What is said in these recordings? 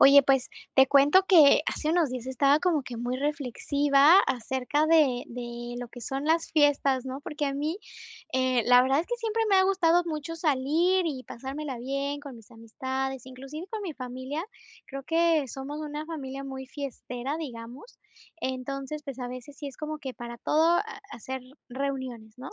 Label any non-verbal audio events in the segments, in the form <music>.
Oye, pues, te cuento que hace unos días estaba como que muy reflexiva acerca de de lo que son las fiestas, ¿no?, porque a mí, eh, la verdad es que siempre me ha gustado mucho salir y pasármela bien con mis amistades, inclusive con mi familia. Creo que somos una familia muy fiestera, digamos. Entonces, pues, a veces sí es como que para todo, ah, hacer reuniones, ¿no?,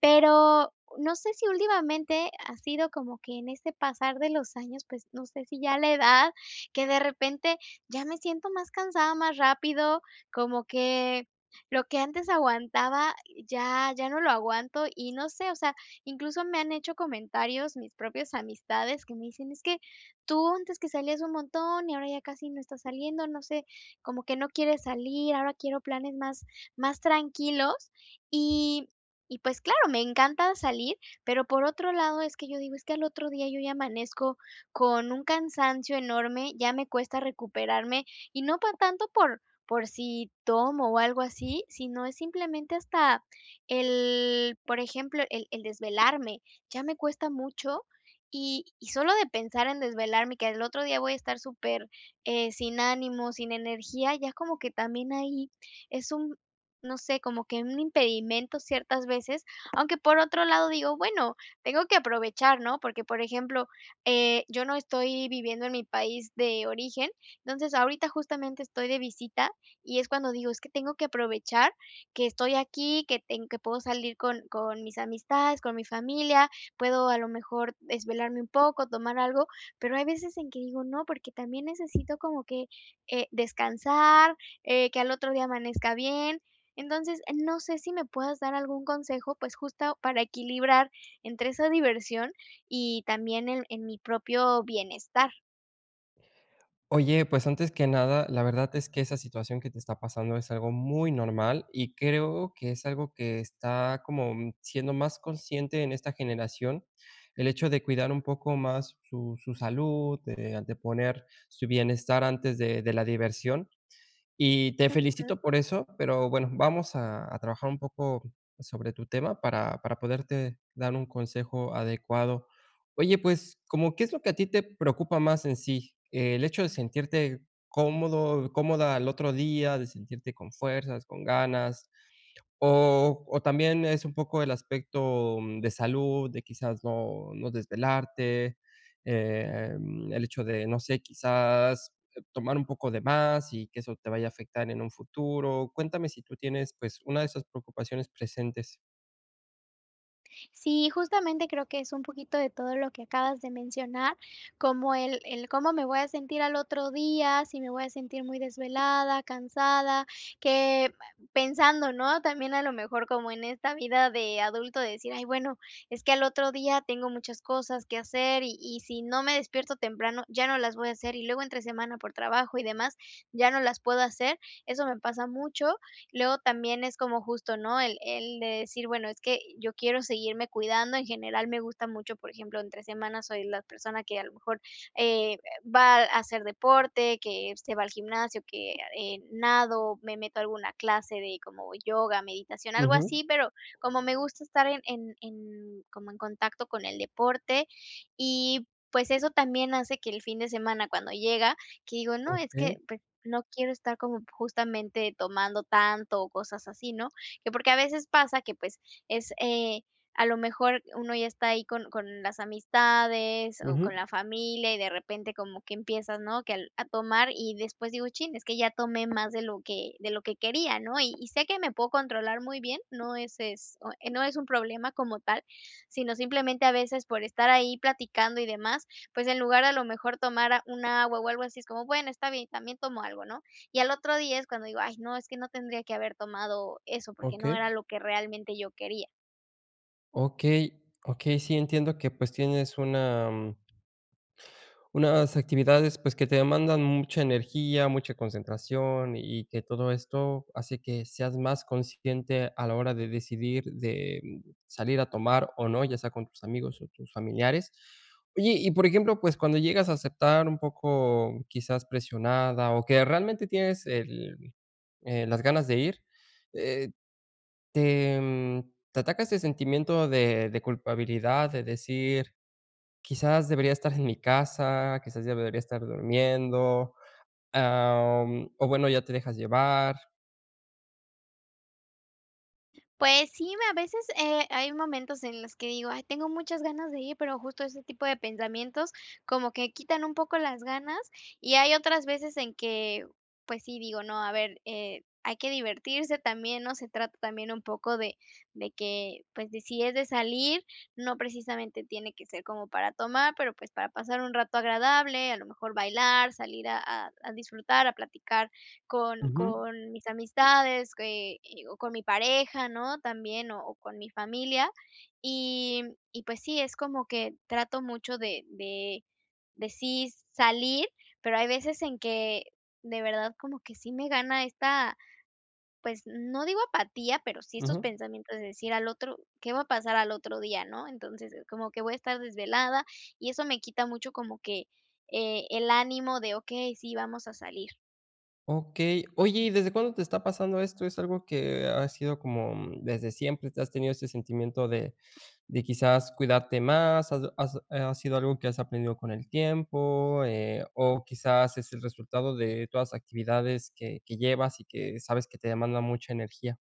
pero no sé si últimamente ha sido como que en ese pasar de los años, pues, no sé si ya la edad, que de repente ya me siento más cansada más rápido, como que lo que antes aguantaba ya ya no lo aguanto y no sé, o sea, incluso me han hecho comentarios, mis propias amistades, que me dicen: "Es que tú antes que salías un montón y ahora ya casi no estás saliendo, no sé, como que no quieres salir". Ahora quiero planes más más tranquilos y y, pues, claro, me encanta salir, pero por otro lado, es que yo digo: "Es que al otro día yo ya amanezco con un cansancio enorme, ya me cuesta recuperarme", y no por tanto por por si tomo o algo así, sino es simplemente hasta el por ejemplo, el el desvelarme, ya me cuesta mucho y y sólo de pensar en desvelarme, que al otro día voy a estar super, eh, sin ánimo, sin energía, ya como que también ahí es un no sé, como que un impedimento, ciertas veces, aunque, por otro lado, digo: "Bueno, tengo que aprovechar", ¿no?, porque, por ejemplo, eh, yo no estoy viviendo en mi país de origen. Entonces, ahorita justamente estoy de visita y es cuando digo: "Es que tengo que aprovechar que estoy aquí, que ten que puedo salir con con mis amistades, con mi familia". Puedo a lo mejor desvelarme un poco, tomar algo, pero hay veces en que digo: "No, porque también necesito como que, eh, descansar, eh, que al otro día amanezca bien". Entonces, eh, no sé si me puedas dar algún consejo, pues, justo para equilibrar entre esa diversión y también en en mi propio bienestar. Oye, pues antes que nada, la verdad es que esa situación que te está pasando es algo muy normal, y creo que es algo que está como siendo más consciente en esta generación. El hecho de cuidar un poco más su su salud, de de poner su bienestar antes de de la diversión, y te Ujú. felicito por eso. Pero bueno, vamos a a trabajar un poco sobre tu tema, para para poderte dar un consejo adecuado. Oye, pues como, ¿qué es lo que a ti te preocupa más en sí? El hecho de sentirte cómodo cómoda al otro día, de sentirte con fuerzas, con ganas, o o también es un poco el aspecto de salud de quizás no, no desvelarte. Eh, mm, el hecho de, no sé, quizás tomar un poco de más y que eso te vaya a afectar en un futuro. Cuéntame si tú tienes, pues, una de esas preocupaciones presentes. Sí, justamente creo que es un poquito de todo lo que acabas de mencionar, como el el cómo me voy a sentir al otro día, si me voy a sentir muy desvelada, cansada, que pensando, ¿no? También a lo mejor como en esta vida de adulto de decir: "Ay, bueno, es que al otro día tengo muchas cosas que hacer, y y si no me despierto temprano ya no las voy a hacer y luego entre semana por trabajo y demás, ya no las puedo hacer". Eso me pasa mucho. Luego también es como justo, ¿no? El el de decir: "Bueno, es que yo quiero seguirme cuidando". En general, me gusta mucho, por ejemplo, entre semana soy la persona que a lo mejor, eh, va a hacer deporte, que se va al gimnasio, que, eh, nado, me meto a alguna clase de como yoga, meditación, algo Ujú. así. Pero como me gusta estar en en en como en contacto con el deporte, y pues eso también hace que el fin de semana, cuando llega, que digo: "No, es que, Okey. pues, no quiero estar como justamente tomando tanto o cosas así", ¿no? Que porque a veces pasa que, pues, es, eh, a lo mejor uno ya está ahí con con las amistades, o con Ujú. la familia y de repente como que empiezas, ¿no? Que al a tomar y después digo: "Chin, es que ya tomé más de lo que de lo que quería", ¿no? Y, y sé que me puedo controlar muy bien. No es es no es un problema como tal, sino simplemente a veces por estar ahí platicando y demás, pues en lugar a lo mejor tomar a un agua, o algo así, es como, bueno: "Está bien, también tomo algo", ¿no? Y al otro día es cuando digo: "Ay, no, es que no tendría que haber tomado eso", porque no Okey. era lo que realmente yo quería. Okey, okey. Sí, entiendo que pues tienes una, mm unas actividades, pues que te demandan mucha energía, mucha concentración, y que todo esto hace que seas más consciente a la hora de decidir, de salir a tomar o no, ya sea con tus amigos o tus familiares. Oye, y por ejemplo, pues cuando llegas a aceptar un poco, quizás presionada o que realmente tienes el eh, las ganas de ir, eh, ¿te mm, te ataca ese sentimiento de de culpabilidad?, de decir: "Quizás debería estar en mi casa, quizás debería estar durmiendo". Em, o bueno, ¿ya te dejas llevar? Pues sí, me a veces, eh, hay momentos en los que digo: "Ay, tengo muchas ganas de ir", pero justo ese tipo de pensamientos, como que quitan un poco las ganas y hay otras veces en que, pues sí, digo: "No, a ver, eh, hay que divertirse también", ¿no?, se trata también un poco de de que, pues, decides de salir, no precisamente tiene que ser como para tomar, pero pues para pasar un rato agradable, a lo mejor bailar, salir a a disfrutar, a platicar con Ujú. con mis amistades, eh eh o con mi pareja, ¿no?, también o o con mi familia, y y pues sí, es como que trato mucho de de -de sí salir, pero hay veces en que de verdad, como que sí me gana esta pues no digo apatía, pero sí estos Ujú. pensamientos de decir al otro ¿qué va a pasar al otro día, ¿no?, entonces como que voy a estar desvelada, y eso me quita mucho como que, eh, el ánimo de, okey, sí, vamos a salir. Okey, oye, ¿y desde cuándo te está pasando esto? ¿Es algo que ha sido como desde siempre te has tenido ese sentimiento de de quizás cuidarte más? ¿Has has ha sido algo que has aprendido con el tiempo, eh, o quizás es el resultado de todas las actividades que que llevas y que sabes que te demandan mucha energía?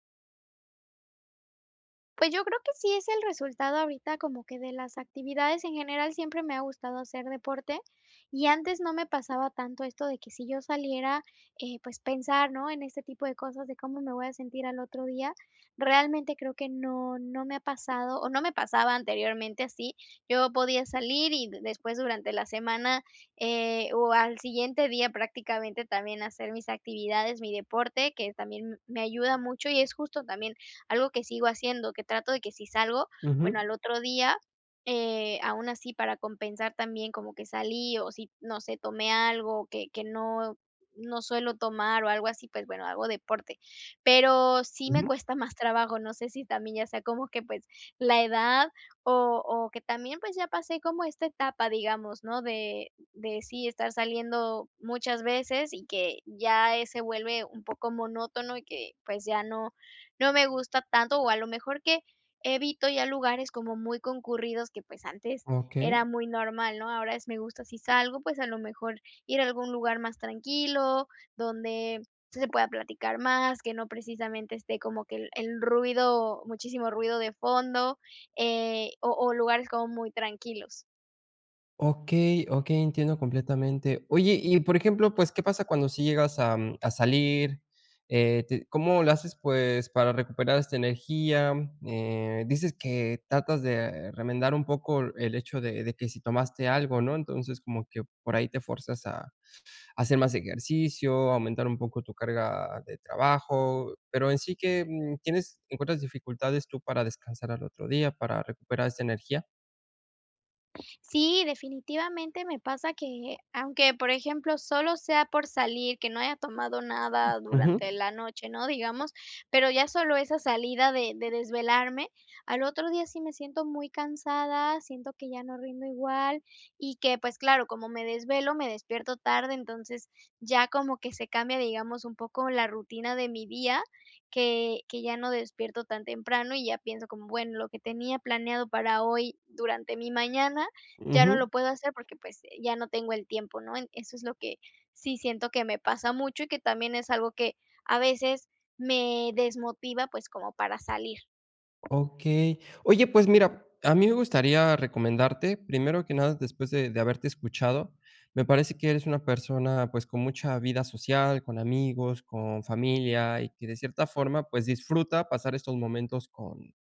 Pues, yo creo que sí es el resultado ahorita, como que de las actividades en general. Siempre me ha gustado hacer deporte y antes no me pasaba tanto esto de que si yo saliera, eh, pues, pensar no en este tipo de cosas, de cómo me voy a sentir al otro día. Realmente creo que no, no me ha pasado o no me pasaba anteriormente, así yo podía salir y después durante la semana, eh, o al siguiente día prácticamente, también hacer mis actividades, mi deporte, que también me ayuda mucho y es justo también algo que sigo haciendo, que trato de si salgo, bueno, Ujú. al otro día, eh, aun así, para compensar también como que salí o si no sé, tomé algo que que no no suelo tomar o algo así, pues, bueno, hago deporte, pero sí me Ujú. cuesta más trabajo. No sé si también ya sea como que, pues, la edad o o que también, pues, ya pasé como esta etapa, digamos, ¿no? de de si estar saliendo muchas veces y que ya es se vuelve un poco monótono y que, pues, ya no no me gusta tanto, o a lo mejor que evito ya lugares como muy concurridos que, pues, antes era Okey. muy normal, ¿no? Ahora es, me gusta si salgo, pues, a lo mejor ir a algún lugar más tranquilo donde se pueda platicar más, que no precisamente esté como que el el ruido muchísimo ruido de fondo, eh, o o lugares como muy tranquilos. Okey, okey entiendo completamente. Oye, y por ejemplo, pues, ¿qué pasa cuando sí llegas, am, a salir? Eh, te ¿cómo lo haces? Pues, para recuperar esta energía, eh, dices que tratas de remendar un poco el hecho de de que si tomaste algo, ¿no? Entonces, como que por ahí te fuerzas a hacer más ejercicio, aumentar un poco tu carga de trabajo, pero en sí, ¿que, mm, tienes encuentras dificultades tú para descansar al otro día para recuperar esta energía? Sí, definitivamente me pasa que, aunque, por ejemplo, solo sea por salir, que no haya tomado nada durante Ujú. la noche, ¿no? Digamos, pero ya solo esa salida de de desvelarme al otro día sí me siento muy cansada, siento que ya no rindo igual y que, pues, claro, como me desvelo, me despierto tarde, entonces ya como que se cambia, digamos, un poco la rutina de mi día que que ya no despierto tan temprano y ya pienso como: "Bueno, lo que tenía planeado para hoy durante mi mañana ya no Ujú. lo puedo hacer, porque, pues, ya no tengo el tiempo", ¿no? Eso es lo que sí siento que me pasa mucho y que también es algo que a veces me desmotiva, pues, como para salir. Okey. Oye, pues, mira a mí me gustaría recomendarte primero que nada, después de de haberte escuchado me parece que eres una persona, pues, con mucha vida social, con amigos, con familia y que de cierta forma, pues, disfruta pasar estos momentos con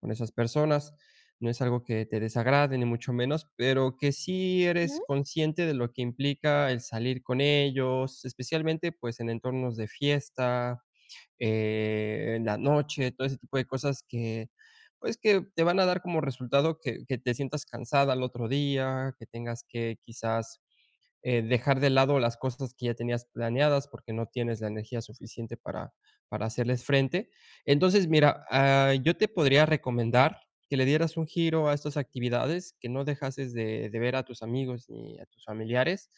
con esas personas. No es algo que te desagrade ni mucho menos, pero que sí eres <unintelligible> consciente de lo que implica el salir con ellos, especialmente, pues, en entornos de fiesta, eh, en la noche, todo ese tipo de cosas que, pues, que te van a dar como resultado que que te sientas cansada al otro día, que tengas que quizás, eh, dejar de lado las cosas que ya tenías planeadas, porque no tienes la energía suficiente para para hacerles frente. Entonces, mira, ah, yo te podría recomendar que le dieras un giro a estas actividades, que no dejases de de ver a tus amigos, ni a tus familiares,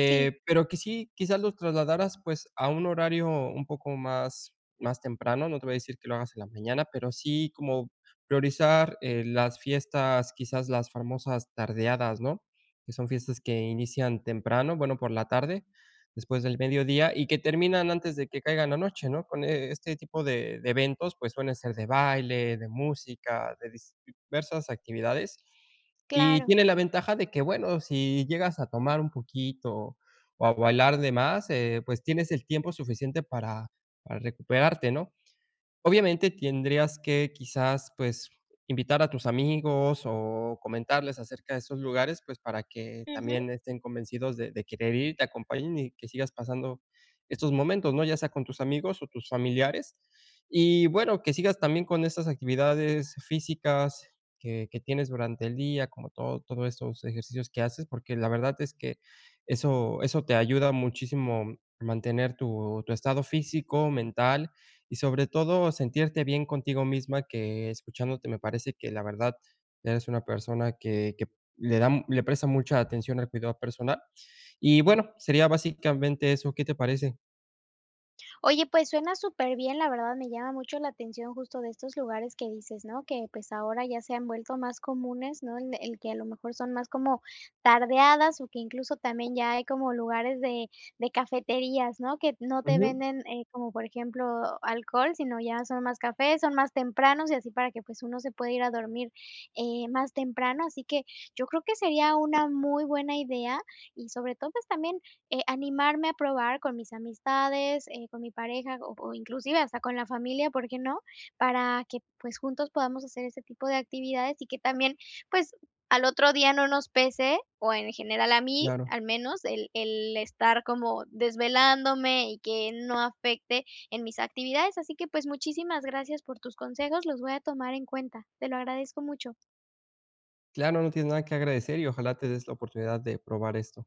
Sí. pero que sí, quizás los trasladaras, pues, a un horario un poco más, más temprano. No te voy a decir que lo hagas en la mañana, pero sí como priorizar, eh, las fiestas, quizás las famosas tardeadas, ¿no? Que son fiestas que inician temprano, bueno, por la tarde, después del mediodía y que terminan antes de que caiga la noche, ¿no? Con este tipo de de eventos, pues, suelen ser de baile, de música, de diversas actividades y Claro. tiene la ventaja de que bueno, si llegas a tomar un poquito o a bailar de más, eh, pues, tienes el tiempo suficiente para para recuperarte, ¿no? Obviamente tendrías que quizás, pues, invitar a tus amigos o comentarles acerca de esos lugares, pues, para que Ujú. también estén convencidos de de querer ir, te acompañen y que sigas pasando estos momentos, ¿no? Ya sea con tus amigos o tus familiares y bueno que sigas también con esas actividades físicas que que tienes durante el día, como todo todos estos ejercicios que haces, porque la verdad es que eso eso te ayuda muchísimo a mantener tu tu estado físico, mental y sobre todo sentirte bien contigo misma que escuchándote me parece que la verdad eres una persona que que le da, le presta mucha atención al cuidado personal. Y bueno, sería básicamente eso, ¿qué te parece? Oye, pues, suena superbién, la verdad me llama mucho la atención justo de estos lugares que dices, ¿no? Que, pues, ahora ya se han vuelto más comunes, ¿no? El que a lo mejor son más como tardeadas o que incluso también ya hay como lugares de de cafeterías, ¿no? Que no te Ujú. venden, eh, como por ejemplo, alcohol, sino ya son más cafés, son más tempranos y así para que, pues, uno se pueda ir a dormir, eh, más temprano, así que yo creo que sería una muy buena idea y sobre todo, pues también, eh, animarme a probar con mis amistades, eh, con mi pareja o o inclusive hasta con la familia, ¿por qué no? Para que, pues, juntos podamos hacer ese tipo de actividades y que también, pues, al otro día no nos pese o en general a mí, Claro. al menos el el estar como desvelándome y que no afecte en mis actividades, así que, pues, muchísimas gracias por tus consejos, los voy a tomar en cuenta. Te lo agradezco mucho. Claro. No tienes nada que agradecer y ojalá te des la oportunidad de probar esto.